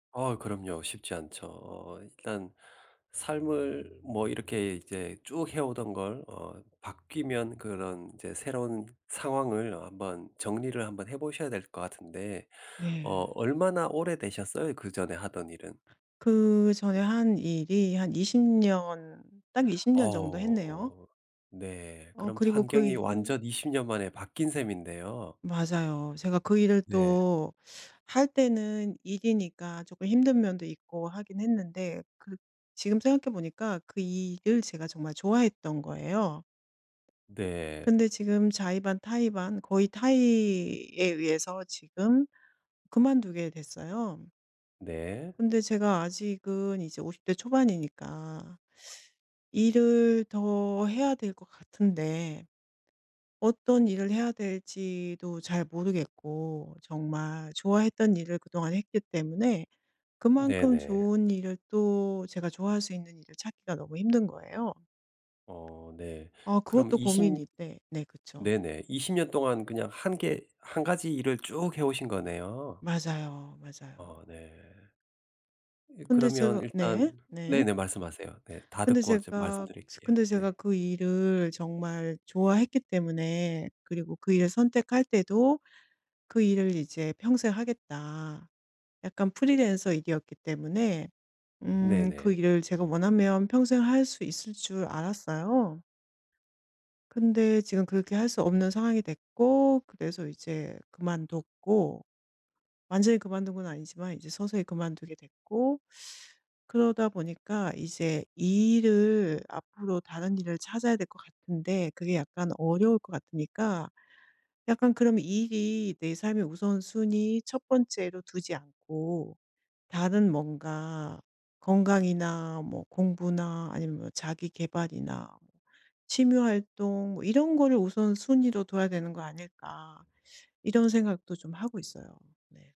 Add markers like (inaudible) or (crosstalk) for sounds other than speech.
아 그럼요. 쉽지 않죠. 어 일단 삶을 뭐 이렇게 이제 쭉 해오던 걸 어 바뀌면 그런 인제 새로운 상황을 어 한번 정리를 한번 해 보셔야 될 것 같은데 어 네. 얼마나 오래 되셨어요? 그 전에 하던 일은? 그 전에 한 일이 한 20 년 딱 20 년 정도 했네요. 어. 네. 어 그럼 그리고 그 환경이 일 완전 20 년 만에 바뀐 셈인데요. 맞아요. 제가 그 일을 네. 또 할 때는 일이니까 쪼끔 힘든 면도 있고 하긴 했는데 그 지금 생각해 보니까 그 일을 제가 정말 좋아했던 거예요. 네. 근데 지금 자의 반 타의 반 거의 타의에 의해서 지금 그만두게 됐어요. 네. 근데 제가 아직은 이제 50 대 초반이니까 (sucks teeth) 일을 더 해야 될 것 같은데 어떤 일을 해야 될지도 잘 모르겠고 정말 좋아했던 일을 그동안 했기 때문에 그만큼 네네. 좋은 일을 또 제가 좋아할 수 있는 일을 찾기가 너무 힘든 거예요. 어 네. 아 그럼 그것도 20 고민인데 네. 그쵸. 네네. 20 년 동안 그냥 1 개 1 가지 일을 쭉 해오신 거네요. 맞아요, 어 맞아요. 네. 이 근데 그러면 제가 일단 네. 네. 네네 말씀하세요. 네. 다 근데 듣고 이제 제가 말씀드릴게요. 근데 제가 네. 그 일을 정말 좋아했기 때문에 그리고 그 일을 선택할 때도 '그 일을 이제 평생 하겠다.' 약간 프리랜서 일이었기 때문에 음 그 네네. 일을 제가 원하면 평생 할 수 있을 줄 알았어요. 근데 지금 그렇게 할 수 없는 상황이 됐고 그래서 이제 그만뒀고 완전히 그만둔 건 아니지만 이제 서서히 그만두게 됐고 (sucks teeth) 그러다 보니까 이제 이 일을 앞으로 다른 일을 찾아야 될 것 같은데 그게 약간 어려울 것 같으니까 약간 그럼 '이 일이 내 삶의 우선순위 1 번째로 두지 않고 다른 뭔가 건강이나 뭐 공부나 아니면 뭐 자기 계발이나 취미 활동 뭐 이런 거를 우선순위로 둬야 되는 거 아닐까?' 이런 생각도 좀 하고 있어요. 네.